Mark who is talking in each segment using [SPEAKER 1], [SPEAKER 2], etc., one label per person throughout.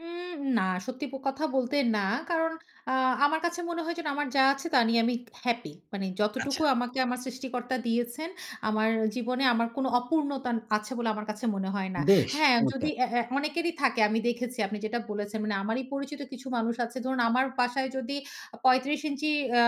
[SPEAKER 1] উম না সত্যি প কথা বলতে না। কারণ আ আমার কাছে মনে হয় যেন আমার যা আছে, তা নিয়ে আমি হ্যাপি। মানে যতটুকু
[SPEAKER 2] আচ্ছা।
[SPEAKER 1] আমাকে আমার সৃষ্টিকর্তা দিয়েছেন, আমার আ জীবনে আমার কোনো অপূর্ণতা আন আছে বলে আমার কাছে মনে হয় না।
[SPEAKER 2] বেশ!
[SPEAKER 1] হ্যাঁ যদি
[SPEAKER 2] চমৎকার।
[SPEAKER 1] অ্যা অ্যা অনেকেরই থাকে আমি দেখেছি আপনি যেটা বলেছেন মানে আমারই পরিচিত কিছু মানুষ আছে। ধরুন আমার বাসায় যদি আ ৩৫ ইঞ্চি আ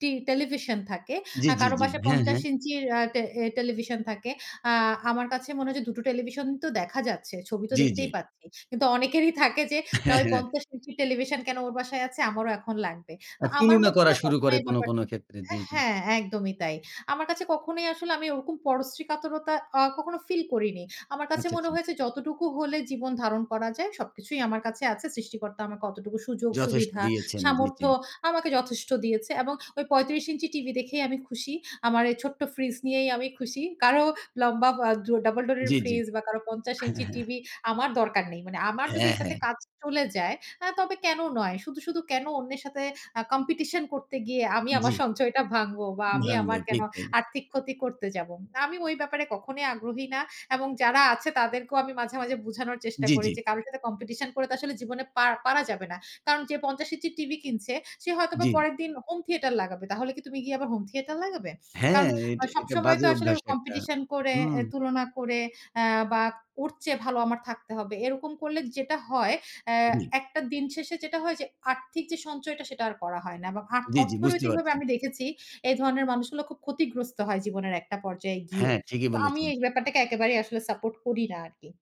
[SPEAKER 1] টি টেলিভিশন থাকে,
[SPEAKER 2] জি,
[SPEAKER 1] আ
[SPEAKER 2] জি,
[SPEAKER 1] কারো
[SPEAKER 2] জি।
[SPEAKER 1] বাসায়
[SPEAKER 2] হ্যাঁ,
[SPEAKER 1] ৫০
[SPEAKER 2] হ্যাঁ।
[SPEAKER 1] ইঞ্চির আ টে আ টেলিভিশন থাকে, আ আমার কাছে মনে হয় যে দুটো টেলিভিশন তো দেখা যাচ্ছে, ছবি তো
[SPEAKER 2] জি, জি।
[SPEAKER 1] দেখতেই পাচ্ছি। কিন্তু অনেকেরই থাকে যে, "না,
[SPEAKER 2] হ্যাঁ,
[SPEAKER 1] ওই
[SPEAKER 2] হ্যাঁ।
[SPEAKER 1] ৫০ ইঞ্চির টেলিভিশন কেন ওর বাসায় আছে? আমারও এখন লাগবে।" তো
[SPEAKER 2] আর
[SPEAKER 1] আমার
[SPEAKER 2] তুলনা
[SPEAKER 1] মধ্যে
[SPEAKER 2] করা
[SPEAKER 1] না
[SPEAKER 2] শুরু
[SPEAKER 1] কখনো
[SPEAKER 2] করে কোনো,
[SPEAKER 1] ব্যাপারটা
[SPEAKER 2] কোনো ক্ষেত্রে।
[SPEAKER 1] আ
[SPEAKER 2] জি, জি।
[SPEAKER 1] হ্যাঁ, একদমই তাই। আমার কাছে কখনোই আসলে আমি ওরকম পরশ্রীকাতরতা আ কখনো ফিল করিনি। আমার কাছে
[SPEAKER 2] আচ্ছা,
[SPEAKER 1] মনে
[SPEAKER 2] আচ্ছা।
[SPEAKER 1] হয়েছে যতটুকু হলে জীবন ধারণ করা যায়, সবকিছুই আমার কাছে আছে। সৃষ্টিকর্তা আমার অতটুকু সুযোগ
[SPEAKER 2] যথেষ্ট
[SPEAKER 1] সুবিধা,
[SPEAKER 2] দিয়েছেন। জি,
[SPEAKER 1] সামর্থ্য
[SPEAKER 2] জি।
[SPEAKER 1] আমাকে যথেষ্ট দিয়েছে এবং ওই ৩৫ ইঞ্চি টিভিতে দেখেই আমি খুশি, আমার এই ছোট্ট ফ্রিজ নিয়েই আমি খুশি। কারো লম্বা আ বা double door এর
[SPEAKER 2] জি, জি।
[SPEAKER 1] ফ্রিজ বা কারো ৫০
[SPEAKER 2] হ্যাঁ,
[SPEAKER 1] ইঞ্চি
[SPEAKER 2] হ্যাঁ।
[SPEAKER 1] টিভি আমার দরকার নেই। মানে আমার যদি
[SPEAKER 2] হ্যাঁ,
[SPEAKER 1] এটাতে
[SPEAKER 2] হ্যাঁ।
[SPEAKER 1] কাজ চলে যায় আ তবে কেনো নয়। শুধু, শুধু কেনো অন্যের সাথে আ competition করতে গিয়ে আমি আমার
[SPEAKER 2] জি।
[SPEAKER 1] সঞ্চয়টা ভাঙবো বা আমি
[SPEAKER 2] ভাঙবো।
[SPEAKER 1] আমার কেনো
[SPEAKER 2] ঠিক তাই।
[SPEAKER 1] আর্থিক ক্ষতি করতে যাবো। আমি ওই ব্যাপারে কখনোই আগ্রহী না এবং যারা আছে তাদেরকেও আমি মাঝে, মাঝে বুঝানোর চেষ্টা
[SPEAKER 2] জি,
[SPEAKER 1] করি
[SPEAKER 2] জি।
[SPEAKER 1] যে কারো সাথে competition করে তো আসলে জীবনে পার পারা যাবে না। "কারণ যে ৫০ ইঞ্চি টিভি কিনছে সে হয়তোবা
[SPEAKER 2] জি।
[SPEAKER 1] পরের দিন home theater লাগাবে। তাহলে কি তুমি গিয়ে আবার home theater লাগাবে?"
[SPEAKER 2] হ্যাঁ,
[SPEAKER 1] কারণ আ
[SPEAKER 2] এটা এটা
[SPEAKER 1] সবসময় তো
[SPEAKER 2] বাজে
[SPEAKER 1] আসলে
[SPEAKER 2] অভ্যাস একটা।
[SPEAKER 1] competition করে,
[SPEAKER 2] হুম।
[SPEAKER 1] এ তুলনা করে অ্যা বা ওর চেয়ে ভালো আমার থাকতে হবে। এরকম করলে যেটা হয় অ্যা
[SPEAKER 2] জি।
[SPEAKER 1] একটা দিন শেষে যেটা হয় যে আর্থিক যে সঞ্চয়টা, সেটা আর করা হয় না। বা আ
[SPEAKER 2] জি, জি। বুঝতে
[SPEAKER 1] অর্থনৈতিকভাবে
[SPEAKER 2] পারছি।
[SPEAKER 1] আমি দেখেছি এই ধরনের মানুষগুলো খুব ক্ষতিগ্রস্ত হয় জীবনের একটা পর্যায়ে গিয়ে।
[SPEAKER 2] হ্যাঁ, ঠিকই
[SPEAKER 1] তো আমি
[SPEAKER 2] বলেছেন।
[SPEAKER 1] এই ব্যাপারটাকে একেবারেই আসলে সাপোর্ট করি না আরকি।